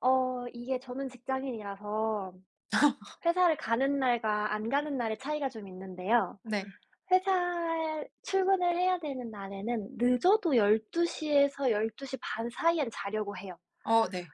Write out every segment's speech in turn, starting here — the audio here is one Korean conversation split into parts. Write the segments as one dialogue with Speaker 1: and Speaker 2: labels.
Speaker 1: 어 이게 저는 직장인이라서 회사를 가는 날과 안 가는 날의 차이가 좀 있는데요.
Speaker 2: 네.
Speaker 1: 회사 출근을 해야 되는 날에는 늦어도 12:00 에서 12:30 사이엔 자려고 해요.
Speaker 2: 어 네.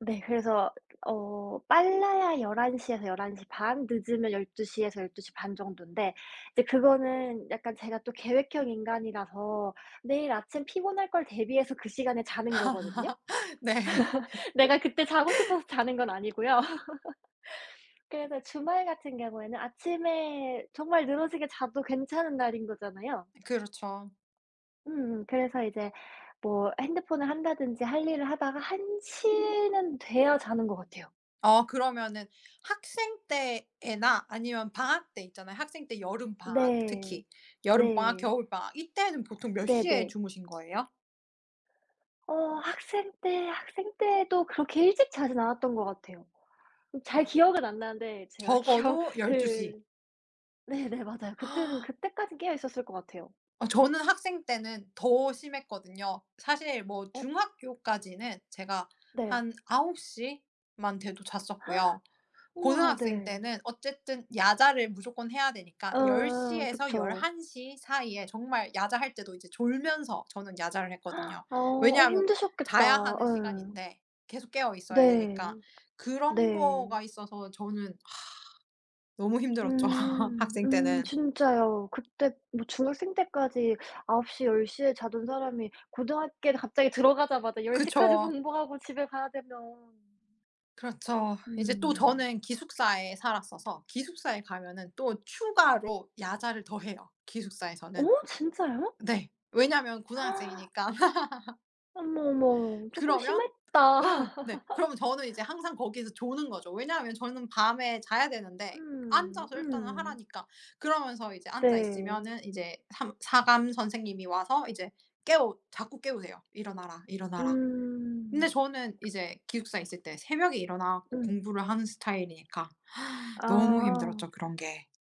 Speaker 1: 네. 그래서 어 빨라야 11:00 에서 11:30 늦으면 12:00 에서 12:30 정도인데 이제 그거는 약간 제가 또 계획형 인간이라서 내일 아침 피곤할 걸 대비해서 그 시간에 자는 거거든요.
Speaker 2: 네.
Speaker 1: 내가 그때 자고 싶어서 자는 건 아니고요. 그래서 주말 같은 경우에는 아침에 정말 늘어지게 자도 괜찮은 날인 거잖아요.
Speaker 2: 그렇죠.
Speaker 1: 음음. 그래서 이제 뭐 핸드폰을 한다든지 할 일을 하다가 1:00 는 돼야 자는 것 같아요.
Speaker 2: 어 그러면은 학생 때에나 아니면 방학 때 있잖아요. 학생 때 여름방학
Speaker 1: 네
Speaker 2: 특히 여름방학
Speaker 1: 네.
Speaker 2: 겨울방학 이때는 보통 몇 시에
Speaker 1: 네네.
Speaker 2: 주무신 거예요?
Speaker 1: 어 학생 때, 학생 때도 그렇게 일찍 자진 않았던 것 같아요. 잘
Speaker 2: 아.
Speaker 1: 기억은 안 나는데 제가 기억
Speaker 2: 적어도 12:00.
Speaker 1: 그 네네 맞아요. 그때는 그때까지 깨어있었을 것 같아요.
Speaker 2: 어 저는 학생 때는 더 심했거든요. 사실 뭐
Speaker 1: 어.
Speaker 2: 중학교까지는 제가
Speaker 1: 네.
Speaker 2: 한 9:00만 돼도 잤었고요.
Speaker 1: 우와
Speaker 2: 고등학생
Speaker 1: 네.
Speaker 2: 때는 어쨌든 야자를 무조건 해야 되니까 열
Speaker 1: 어어
Speaker 2: 시에서
Speaker 1: 그쵸.
Speaker 2: 11:00 사이에 정말 야자 할 때도 이제 졸면서 저는 야자를 했거든요.
Speaker 1: 어. 어
Speaker 2: 왜냐하면 자야
Speaker 1: 힘드셨겠다.
Speaker 2: 하는
Speaker 1: 예.
Speaker 2: 시간인데 계속 깨어있어야
Speaker 1: 네
Speaker 2: 되니까. 그런
Speaker 1: 네.
Speaker 2: 거가 있어서 저는 너무 힘들었죠,
Speaker 1: 음.
Speaker 2: 학생
Speaker 1: 음
Speaker 2: 때는.
Speaker 1: 진짜요. 그때 뭐 중학생 때까지 9:00 10:00 에 자던 사람이 고등학교에 갑자기 들어가자마자 10:00 까지
Speaker 2: 그쵸.
Speaker 1: 공부하고 집에 가야 되면
Speaker 2: 그렇죠. 이제 또
Speaker 1: 음.
Speaker 2: 저는 기숙사에 살았어서 기숙사에 가면은 또 추가로 야자를 더 해요, 기숙사에서는.
Speaker 1: 어 진짜요?
Speaker 2: 네 왜냐하면 고등학생이니까.
Speaker 1: 어머, 어머. 쪼끔
Speaker 2: 그러면
Speaker 1: 심했다.
Speaker 2: 어 네. 그러면 저는 이제 항상 거기에서 조는 거죠. 왜냐하면 저는 밤에 자야 되는데
Speaker 1: 음
Speaker 2: 앉아서 일단은
Speaker 1: 음.
Speaker 2: 하라니까. 그러면서 이제 앉아
Speaker 1: 네.
Speaker 2: 있으면은 인제 삼 사감 선생님이 와서 이제 깨우 자꾸 깨우세요. '일어나라, 일어나라.' 근데
Speaker 1: 음.
Speaker 2: 저는 이제 기숙사에 있을 때 새벽에 일어나 갖고
Speaker 1: 음.
Speaker 2: 공부를 하는 스타일이니까 너무
Speaker 1: 아.
Speaker 2: 힘들었죠, 그런 게.